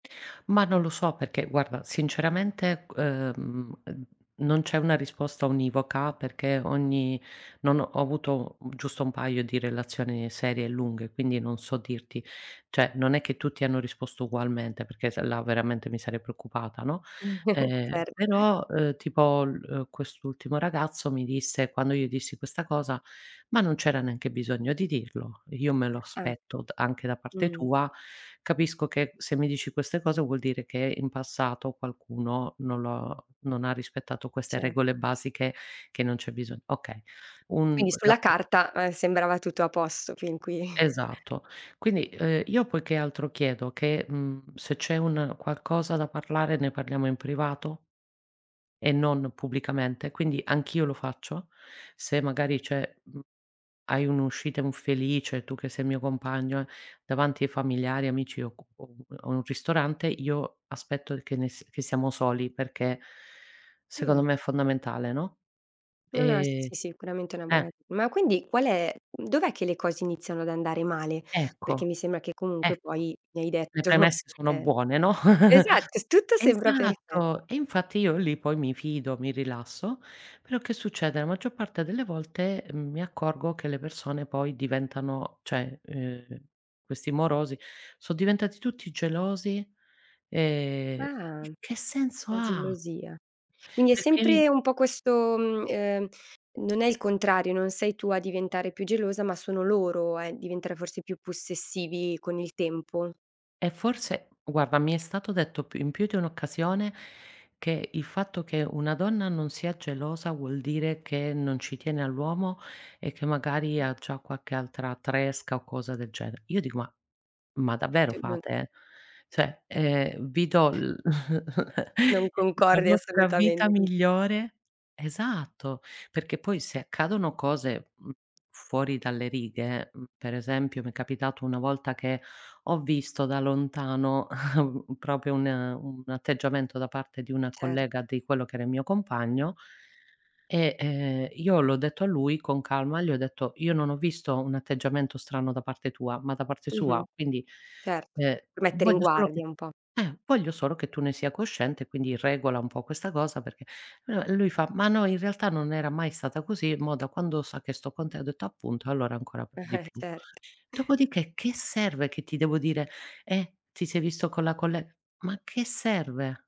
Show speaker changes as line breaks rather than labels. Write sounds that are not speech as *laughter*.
Ma non lo so perché, guarda, sinceramente g uhm, uhm, non c'è una risposta univoca perché ogni non ho avuto giusto un paio di relazioni serie e lunghe quindi non so dirti. Cioè non è che tutti hanno risposto ugualmente perché se là veramente mi sarei preoccupata, no?
*chuckles*
Ehm
Certo.
però eh tipo l uhm, quest'ultimo ragazzo mi disse quando io dissi questa cosa: "Ma non c'era neanche bisogno di dirlo. Io me lo
Eh.
aspetto d anche da parte
Mh.
tua, capisco che se mi dici queste cose vuol dire che in passato qualcuno non lo non ha rispettato queste
Ce
regole basiche che non c'è bisogno". Okay un
Quindi
la
sulla
pe
carta, eh, sembrava tutto a posto fin qui. *chuckles*
Esatto. Quindi, uhm, io poi che altro chiedo che mhmm se c'è un qualcosa da parlare ne parliamo in privato e non pubblicamente. Quindi anch'io lo faccio se magari c'è mhmm, hai un'uscita infelice, tu che sei il mio compagno, eh, davanti ai familiari, amici o co o un o un ristorante, io aspetto che nes che siamo soli perché
Mh.
secondo me è fondamentale, no,
No no eh
ehm
si sicuramente una buona
eh.
ma quindi qual è dov'è che le cose iniziano ad andare male? Perché
Ecco,
mi sembra che comunque
ecco,
poi mi hai
le
detto,
premesse sono
ehm
buone, no.
esatto,
*chuckles*
tutto sembra perfe
Esatto, e infatti io lì poi mi fido, mi rilasso, però che succede? La maggior parte delle volte mi accorgo che le persone poi diventano cioè ehm questi morosi sono diventati tutti gelosi ehm
Ah.
che senso
La
ha?
gelosia. Quindi è
Perché mi
sempre un po' questo mhmm ehm non è il contrario, non sei tu a diventare più gelosa, ma sono loro a diventare forse più possessivi con il tempo.
E forse guarda mi è stato detto più, in più di un'occasione che il fatto che una donna non sia gelosa vuol dire che non ci tiene all'uomo e che magari ha già qualche altra tresca o cosa del genere. Io dico: "Ma ma davvero
Cioè non.
fate?". Cioè ehm vi do l *chuckles*
Non
la
concordi
nostra
assolutamente.
vita migliore esatto, perché poi se accadono cose, mhmm, fuori dalle righe, mhmm, per esempio mi è capitato una volta che ho visto da lontano *chuckles* un proprio un un atteggiamento da parte di una
Cer
collega di quello che era il mio compagno e ehm io l'ho detto a lui con calma. Gli ho detto: "Io non ho visto un atteggiamento strano da parte tua, ma da parte sua.
Mh-mh
Quindi,
certo.
ehm,
Per mettere in
voglio solo che
guardia un po'.
eh voglio solo che tu ne sia cosciente, quindi regola un po' questa cosa perché" uhm, lui fa: "Ma no, in realtà non era mai stata così, mo da quando sa che sto con te" ho detto: "Appunto, allora ancora p di
*chuckles*
più".
Certo.
Dopodiché che serve che ti devo dire: "Eh ti sei visto con la colle" ma a che serve?